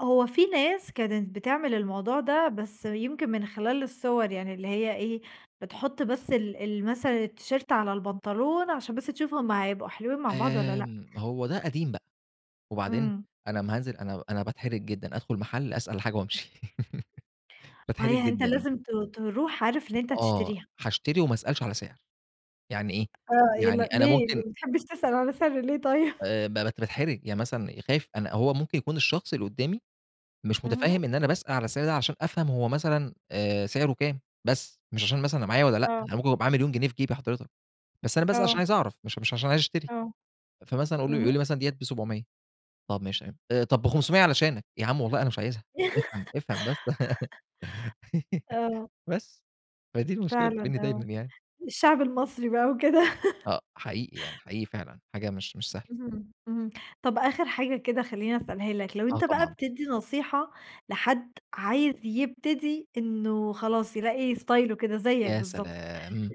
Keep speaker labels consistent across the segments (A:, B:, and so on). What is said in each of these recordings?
A: هو في ناس كانت بتعمل الموضوع ده، بس يمكن من خلال الصور يعني اللي هي إيه بتحط بس ال ال مثلًا التيشيرت على البنطلون عشان بس تشوفهم هيبقوا حلوين مع بعض والّا لأ.
B: آمم، هو ده قديم بقى، وبعدين
A: إمم.
B: أنا امّا هانزل أنا أنا باتحرج جدًا أدخل محل أسأل على حاجة وأمشي.
A: هي
B: باتحرج
A: آآ، أنت
B: جدًا.
A: لازم ت تروح عارف إن أنت
B: آه،
A: هتشتريها.
B: هاشتري وما أسألش على سعر يعني إيه،
A: آه، يلّا
B: يعني أنا
A: ليه ليه
B: ممكن
A: ما بتحبش تسأل على سعر ليه طيب؟
B: آآ، باتحرج يعني مثلًا خايف أنا هو ممكن يكون الشخص اللي قدّامي مش
A: اهم.
B: متفهم إن أنا باسأل على السعر ده عشان أفهم هو مثلًا آآ، سعره كام بس مش عشان مثلًا أنا معايا والّا لأ،
A: آه.
B: أنا ممكن يكون معايا 1.000.000 جنيه في جيبي حضرتك، بس أنا باسأل عشان
A: آه.
B: عايز أعرف مش مش عشان عايز اشتري
A: آه.
B: فمثلًا يقول
A: اهم.
B: لي مثلًا ديّة ب700 طَب ماشي تمام، طَب ب500 علشانك، يا عمي والله أنا مش عايزها افهم افهم بس.
A: آه.
B: بس، فدي المشكلة اللي
A: فعلًا
B: بتقابلني دايمًا
A: آه،
B: يعني.
A: الشعب المصري بقى وكده.
B: آه، حقيقي يعني حقيقي فعلًا حاجة مش مش سهلة.
A: اهم، اهم، طَب آخر حاجة كده خلّيني أسألها لك، لو
B: آه
A: أنت بقى
B: طبعًا.
A: بتدي نصيحة لحد عايز يبتدي إنّه خلاص يلاقي ستايله كده زيك
B: يا
A: بالضبط.
B: سلام!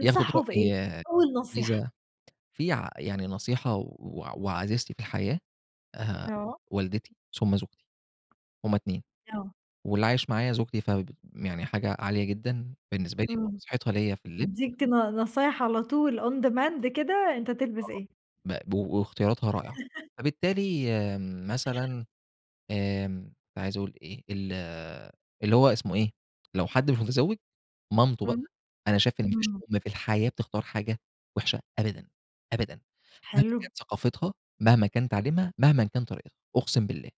B: ياخد رأي
A: بإيه
B: ياه
A: أول نصيحة؟
B: [unintelligible] في ع يعني نصيحة وعزيزتي في الحياة آآ،
A: آه.
B: والدتي ثم زوجتي. هم اتنين،
A: آه.
B: واللي عايش معايا زوجتي ف يعني حاجة عالية جدًا، بالنسبة لي
A: إمم،
B: فنصيحتها ليّا في اللبس.
A: تديك ن نصايح على طول on demand كده أنت تلبس
B: آه
A: إيه.
B: مقب واختياراتها رائعة، فبالتالي آمم، مثلًا آمم، كنت عايز أقول إيه، ال اللي هو اسمه إيه لو حد مش متزوج مامته بقى،
A: إمم،
B: أنا شايف إن ما فيش
A: إمم.
B: أم واحدة في الحياة بتختار حاجة وحشة أبدًا، أبدًا، مهمًا
A: حلو.
B: كانت ثقافتها، مهما كانت تعليمها، مهمًا كان طريقتها، أقسم بالله.